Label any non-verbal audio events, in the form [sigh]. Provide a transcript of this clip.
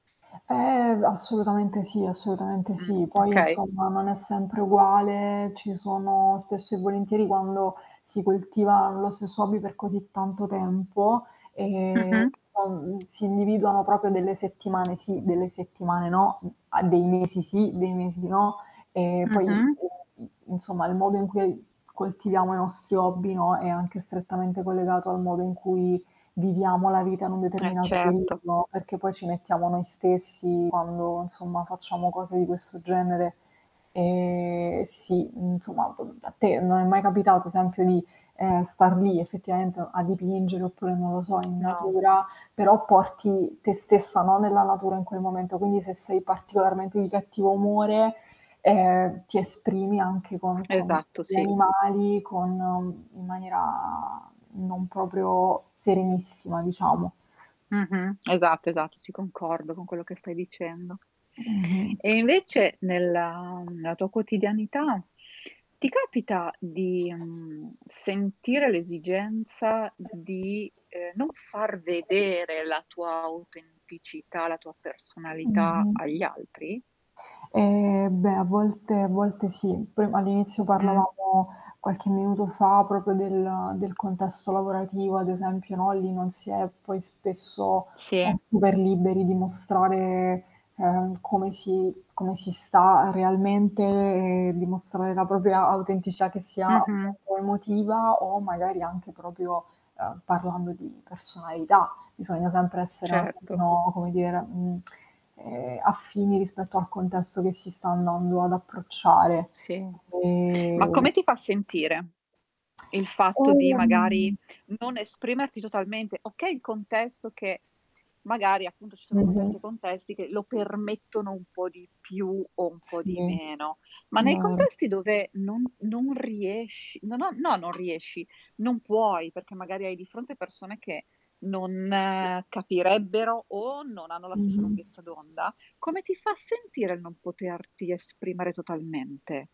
Ehm, assolutamente sì, assolutamente Mh, sì. Poi okay. insomma non è sempre uguale, ci sono spesso e volentieri, quando si coltiva lo stesso hobby per così tanto tempo, ehm, Mh-mh. uhm, si individuano proprio delle settimane sì, delle settimane no, uhm, a dei mesi sì, dei mesi no, ehm, poi, ehm, Mh-mh. i insomma il modo in cui, uhm, coltiviamo i nostri hobby, no, è anche strettamente collegato al modo in cui viviamo la vita in un E determinato certo. periodo, perché poi ci mettiamo noi stessi quando, insomma, facciamo cose di questo genere. Ehm, e sì, insomma, p uhm, a te non è mai capitato, esempio, di, ehm, star lì effettivamente o a dipingere oppure non lo so in No. natura, però porti te stessa, no, nella natura in quel momento, quindi se sei particolarmente di cattivo umore, ehm, ti esprimi anche con con Esatto, gli sì. animali, con uhm, in maniera non proprio serenissima diciamo. Mh-mh. Esatto, esatto, si concordo con quello che stai dicendo. Mh-mh. E invece nella nella tua quotidianità ti capita di, mhmm, sentire l'esigenza di, ehm, non [unintelligible] far vedere [unintelligible] la tua autenticità, la tua personalità Mh-mh. agli altri? Ehm, beh a volte a volte sì. Poi all'inizio Mh. parlavamo qualche minuto fa, proprio del del contesto lavorativo, ad esempio, no, lì non si è poi spesso, Sì. [unintelligible] super liberi di mostrare, ehm, come si come si sta realmente e dimostrare la propria autenticità che sia Mh-mh. appunto, emotiva o magari anche proprio, uhm, parlando di personalità. Bisogna sempre essere un Certo. attimino, come dire, mhmm, [tsk] ehm, affini rispetto al contesto che si sta andando ad approcciare. Sì. Ma Ehm come ti fa sentire il fatto di Ehm magari non esprimerti totalmente okay il contesto che t magari, appunto, ci sono contesti e Mh-mh. contesti che lo permettono un po' di più o un po' Sì, di meno, ma nei vero. contesti dove non non riesci no, no, no non riesci, non puoi, perché magari hai di fronte persone che non, Sì. capirebbero o non hanno la stessa Mh-mh. lunghezza d'onda, come ti fa sentire il non poterti esprimere totalmente?